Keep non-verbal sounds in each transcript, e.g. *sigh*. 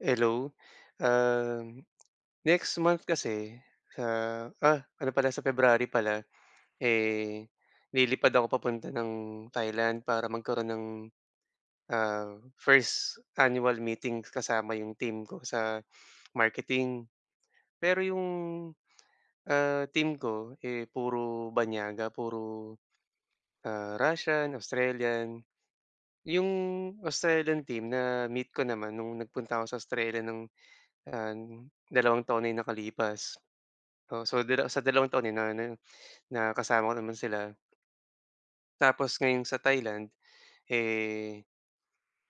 Hello, um, next month kasi ah, ah! Ano pala sa February pala, eh, lilipad ako papunta ng Thailand para magkaroon ng, ah, first annual meeting kasama yung team ko sa marketing. Pero yung, ah, team ko, eh, puro banyaga. Puro, ah, Russian, Australian. 'Yong Australian team na-meet ko naman no'ng nagpunta ako sa Australia no'ng an dalawang taon na yung nakalipas. Oo, so sa dala sa dalawang taon na ano, na kasama ko naman sila. Tapos ngayon sa Thailand, eh,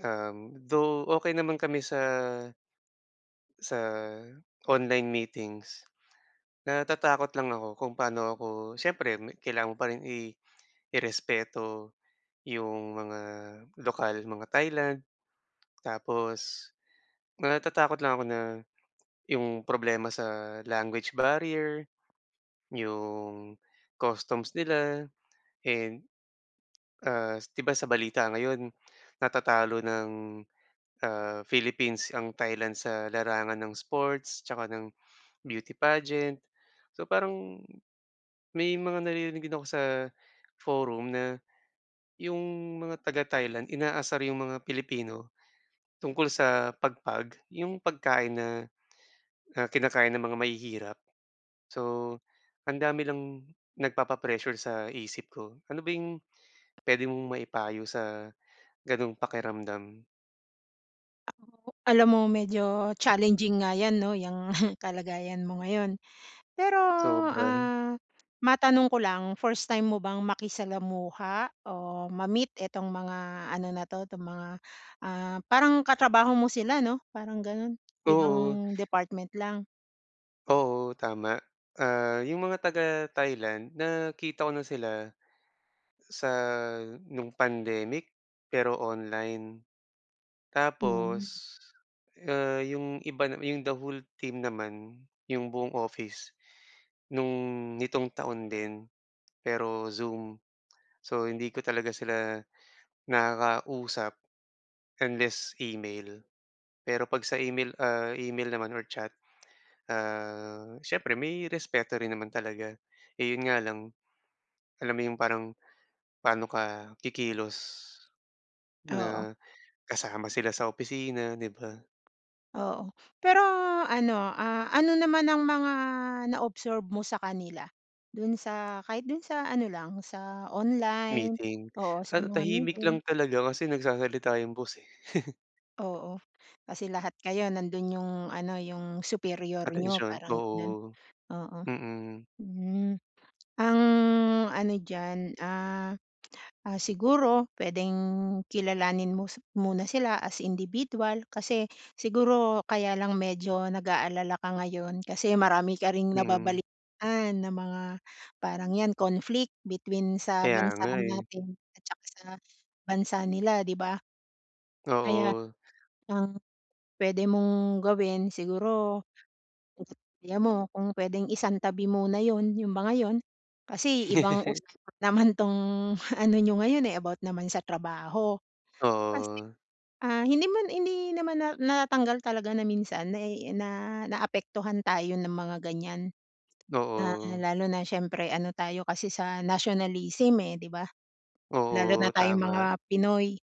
um, though okey naman kami sa sa online meetings. Natatakot lang ako kung paano ako siyempre kailangan mo pa rin i irespeto 'yong mga lokal, mga Thailand tapos, natatakot lang ako na 'yong problema sa language barrier, 'yong customs nila. And ah, 'di ba sa balita ngayon natatalo ng, ah, Philippines ang Thailand sa larangan ng sports tsaka ng beauty pageant. So, parang may mga naririnig din ako sa forum na, yung mga taga Thailand inaasar rin yung mga Pilipino tungkol sa pagpag yung pagkain na, na kinakain ng mga mahihirap. So, ang dami lang nagpapa-pressure sa isip ko. Ano ba yung pwede mong maipayo sa gano'ng pakiramdam? Alam mo, medyo challenging nga yan 'no, yang *snorts* kalagayan mo ngayon. Pero, Sobra. ah, matanong ko lang 1st time mo bang makisalamuha o ma-meet itong mga ano na' to tong mga, ah, parang katrabaho mo sila ,no? Parang gano'n, Oo. ibang department lang? Oo, tama. Ah, yung mga taga Thailand nakita ko na sila sa nung pandemic pero online. Tapos, Hmm. ah, 'yong iba 'yong the whole team naman, 'yong buong office no'ng nitong taon din pero Zoom, so hindi ko talaga sila nakakausap unless email. Pero 'pag sa email, ah, email naman or chat, ah, siyempre may respeto rin naman talaga, eh, 'yon nga lang alam mo yung parang, pano ka kikilos Oo. na kasama sila sa opisina 'di ba? Oo. Pero ano, ah, ano naman ang mga na observe mo sa kanila? Do'n sa, kahit do'n sa ano lang sa online, Meeting. oo sa Ah, mga tahimik lang meeting. talaga kasi nagsasalita yung boss, eh. *chuckles* Oo. Kasi lahat kayo nando'n yung ano yung superior nyo Atensyon. parang gano'n. Oo, Oo. mm. Hmm, ang ano diyan, ah, ah, siguro puwedeng kilalanin mo si muna sila as individual. Kasi siguro kaya lang medyo nag-aalala ka ngayon kasi marami ka ring Mhm. nababalitaan na mga parang yan conflict between sa Kaya bansa nga, eh. natin at saka sa bansa nila di ba? Kaya Oo. ang puwede mong gawin, siguro ang idea mo kung puwedeng isang tabi muna 'yon yung mga yon. Kasi ibang *chuckles* usapan naman tong ano nyo ngayon, eh, about naman sa trabaho. Kasi, Oo. ah, hindi naman hindi naman na natanggal talaga na minsan na na naapektuhan tayo ng mga ganyan na Oo. lalo na siyempre ano tayo kasi sa nationalism, eh, di ba? Lalo Oo, na tayong mga tama. Pinoy.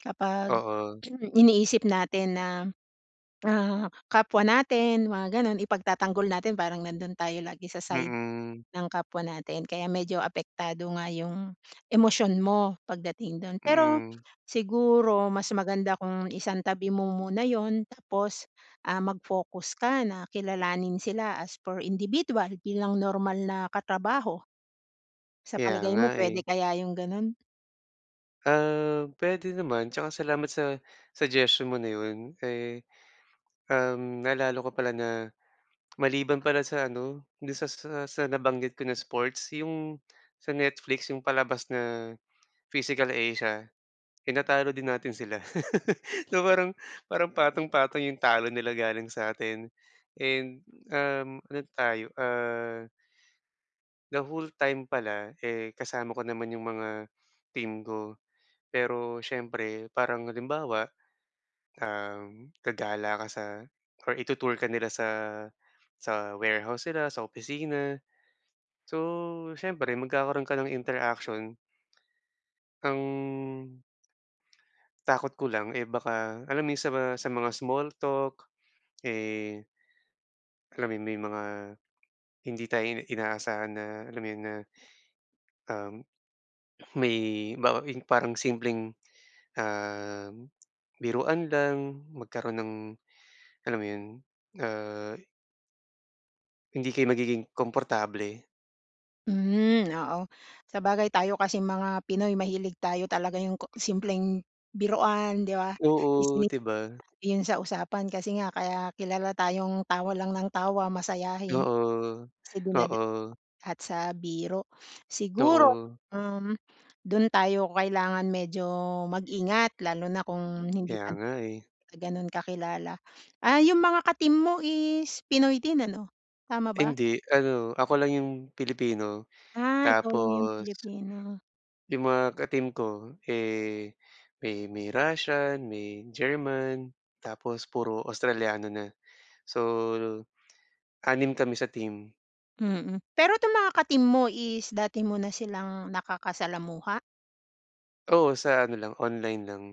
Kapag Oo. *clears throat* iniisip natin na, ah, kapwa natin mga gano'n ipagtatanggol natin parang nando'n tayo lagi sa side Mm. ng kapwa natin. Kaya medyo apektado nga yung emosyon mo pagdating do'n. Pero Mm. siguro mas maganda kung isang tabi mo muna 'yon tapos, ah, mag focus ka na kilalanin sila as for individual bilang normal na katrabaho. Sa Kaya palagay nga, mo puwede eh. kaya yung gano'n? Um, pwede naman tsaka salamat sa suggestion mo na yun, eh, um, naalala ko pala na maliban pala sa ano, do'n sa sa sa nabanggit ko na sports, yung sa Netflix, yung palabas na Physical Asia, tinatalo din natin sila. *laughs* So parang, parang patong-patong yung talo nila galing sa'tin and, um, ano tayo, ah the whole time pala, eh kasama ko naman yung mga team ko. Pero siyempre, parang halimbawa, um, gagala ka sa or itu-tour ka nila sa sa warehouse nila, sa opisina. So siyempre, magkakaroon ka ng interaction. Ang takot ko lang, eh baka alam mo yung sa mga sa mga small talk, eh alam mo yun, may mga hindi tayo i inaasahan na alam mo yun na, um, may bawa yung parang simpleng, um, biruan lang magkaroon ng, alam mo yun, ah. Hindi kayo magiging komportable. Hmm, oo. Sabagay, tayo kasing mga Pinoy mahilig tayo talaga yung ko simpleng biruan, ‘di ba. Oo, *unintelligible* ‘di ba. Yung sa usapan kasi nga, kaya kilala tayong tawa lang nang tawa, masayahin. Oo, Kasi dinada oo. at sa biro. Siguro, Oo. um, dun tayo kailangan medyo mag-ingat lalo na kung hindi Kaya pa nga eh. tayo ganun kakilala. Ah, yung mga ka-team mo is Pinoy din ano, tama ba? Hindi. Ano, ako lang yung Pilipino Ah, ikaw lang yung tapos Pilipino. yung mga ka-team ko, eh, may may Russian, may German, tapos puro Australiano na. So, 6 kami sa team. Mm. Pero ‘tong mga ka-team mo is dati mo na silang nakakasalamuha? Oo, sa ano lang, online lang.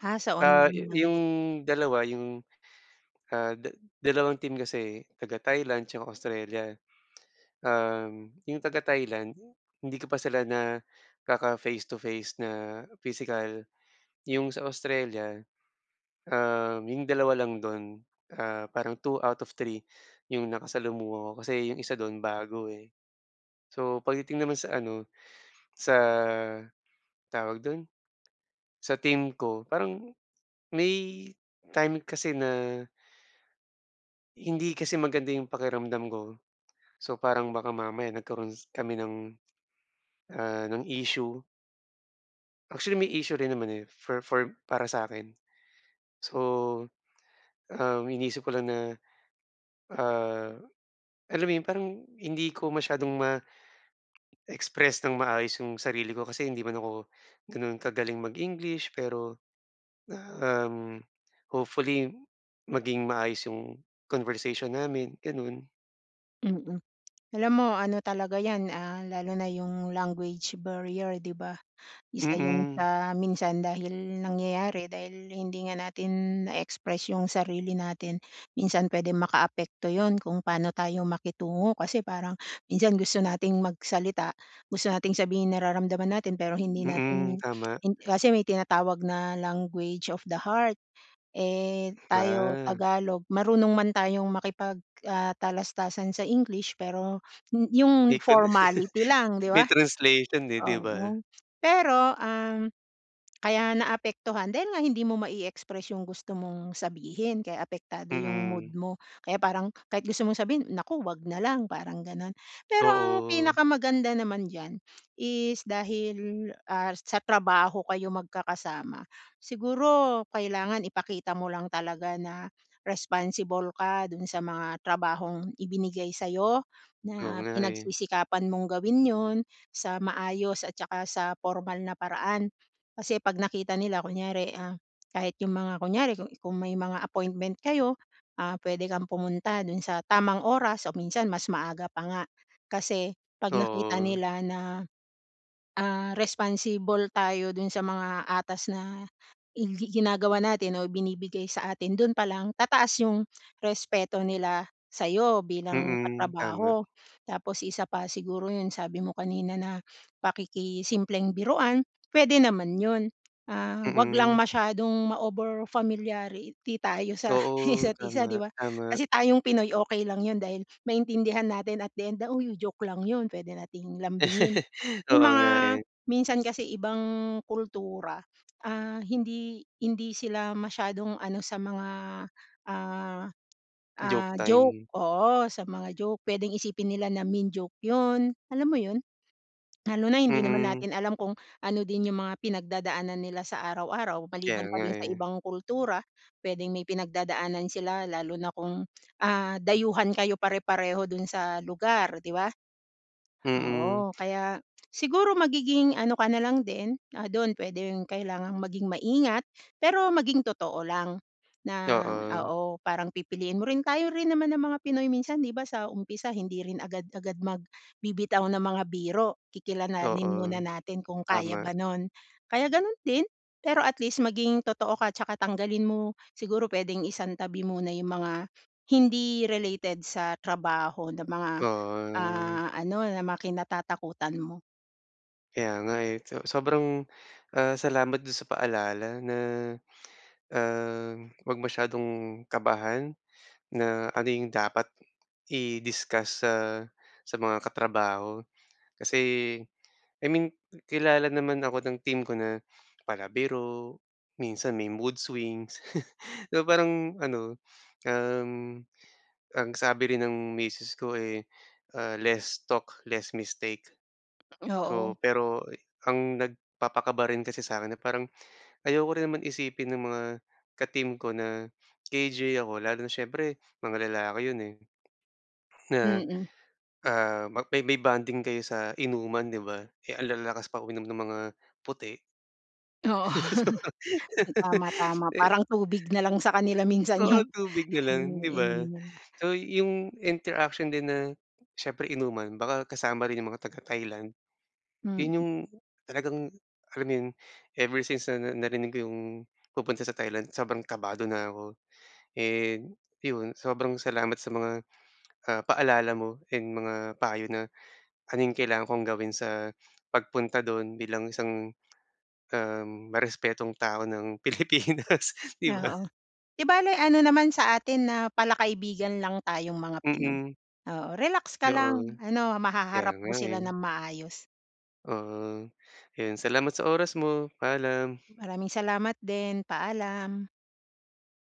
Ha, sa Ah, yu online lang yung din. dalawa, yung, ah, da dalawang team kasi eh. Taga Thailand tsaka Australia. Um, yung taga Thailand, hindi ko pa sila nakaka face to face na pisikal. Yung sa Australia, um, yung 2 lang dun, ah, parang 2 out of 3 yung nakasalamuha ko kasi yung isa dun, bago eh. So pagdating naman sa ano, sa tawag dun, sa team ko, parang may time kasi na hindi kasi maganda yung pakiramdam ko. So parang baka mamaya nagkaroon kami ng, ah, ng issue. Actually, may issue rin naman, eh, for for para sa'kin. So, um, iniisip ko lang na, ah, alam mo 'yon, parang hindi ko masyadong ma-express nang maayos yung sarili ko. Kasi hindi man ako gano'n kagaling mag-English pero na, um, hopefully maging maayos yung conversation namin, gano'n. Mm. Alam mo, ano talaga yan, ah, lalo na yung language barrier 'di ba? Isa yun Mm. sa minsan dahil nangyayari, dahil hindi nga natin na-e-express yung sarili natin. Minsan pwedeng makaapekto 'yon, kung paano tayo makitungo kasi parang minsan gusto nating magsalita, gusto nating sabihin nararamdaman natin, pero hindi Mm, natin, tama. hin kasi may tinatawag na, "language of the heart." Eh, tayo Ma Tagalog, marunong man tayong makipag, ah, talastasan sa English pero m yung Di ko na formality *chuckles* lang, 'di may ba? translation, eh, 'di ba? Oo. Pero, um, kaya naapektuhan, dahil nga hindi mo mai-express yung gusto mong sabihin, kaya apektado yung mood Mm. mo. Kaya parang kahit gusto mong sabihin, "Naku, 'wag na lang." parang gano'n. Pero ang Oo. pinakamaganda naman diyan is dahil, ah, sa trabaho kayo magkakasama, siguro kailangan ipakita mo lang talaga na responsible ka dun sa mga trabahong ibinigay sa'yo, Oo na nga, eh. pinagsisikapan mong gawin 'yon, sa maayos at saka sa pormal na paraan. Kasi 'pag nakita nila kunyari, ah, kahit yung mga kunyari, ku kung may mga appointment kayo, ah, pwede kang pumunta dun sa tamang oras o minsan mas maaga pa nga. Kasi 'pag nakita Oo. nila na, ah, responsible tayo dun sa mga atas na i gi ginagawa natin o ibinibigay sa atin, doon pa lang tataas yung respeto nila sa'yo bilang Mm, tama. katrabaho. Tapos isa pa siguro yun, sabi mo kanina na pakikisimpleng biruan pwede naman 'yon, ah, 'wag lang Mm. masyadong ma-overfamiliarity tayo sa Oo, isa't-isa, tama, 'di ba? tama. Kasi tayong Pinoy, okey lang 'yon, dahil maintindihan natin at the end na, "Uy, oh, joke lang 'yon." Pwede nating lambingin. *chuckles* Yung Oo mga nga, eh. minsan kasi ibang kultura, ah, hindi hindi sila masyadong ano sa mga, ah Joke ah, joke time. oo, sa mga joke. Pwedeng isipin nila na mean joke 'yon, alam mo yun? Lalo na hindi naman Mm. natin alam kung ano din yung mga pinagdadaanan nila sa araw-araw. Kaya Maliban pa nga, dun sa eh. ibang kultura, pwedeng may pinagdadaanan sila lalo na kung, ah, dayuhan kayo pare-pareho dun sa lugar 'di ba? Mm. Oo, kaya siguro magiging ano ka nalang din, ah, doon pwedeng kailangang maging maingat pero maging totoo lang na Doon. oo, parang pipiliin mo rin. Tayo rin naman na mga Pinoy minsan, 'di ba, sa umpisa hindi rin agad-agad magbibitaw ng mga biro, kikilalanin muna Oo. natin kung kaya Tama. ba no'n. Kaya gano'n din, pero at least maging totoo ka tsaka tanggalin mo, siguro pwedeng isantabi muna yung mga hindi related sa trabaho na mga, To, ah. ah, ano na mga kinatatakutan mo. Kaya nga, eh. So sobrang, ah, salamat do'n sa paalala na, ah, wag masyadong kabahan, na ano 'yong dapat, i-discuss sa sa mga katrabaho. Kasi, I mean kilala naman ako ng team ko na palabiro, minsan may mood swings. *chuckles* So, parang ano, um, ang sabi rin ng misis ko, eh, ah, "Less talk, less mistake." So, Oo. pero e ang nagpapakaba rin kasi sakin, na parang, ayoko rin naman isipin ng mga ka-team ko na KJ ako, lalo na siyempre, mga lalaki 'yon, eh. Na, Mm. ah, ma may may bonding kayo sa inuman, 'di ba, eh, ang lalakas pa uminom ng mga puti. Oo. *laughs* Sobrang Tama, tama. *laughs* E Parang tubig na lang sa kanila minsan 'yong, Oo, tubig na lang, 'di iniinom ba. nila. So, 'yong interaction din na, siyempre inuman baka kasama rin 'yong mga taga Thailand. Mm. 'Yon 'yong, talagang, alam mo 'yon, ever since na narinig ko 'yong, pupunta sa Thailand, sobrang kabado na ako. And 'yon, sobrang salamat sa mga, ah, paalala mo, and mga payo na, ano 'yong kailangan kong gawin sa pagpunta do'n bilang isang, um, marespetong tao ng Pilipinas, 'di ba? Oo. 'Di bale, ano naman sa atin na pala kaibigan lang tayong mga Pinoy. Mm. Oo, relax ka lang, Oo. ano, Kaya mahaharap mo nga, sila ng eh. maayos. Ah. Ayun, salamat sa oras mo. Paalam. Maraming salamat, din. Paalam.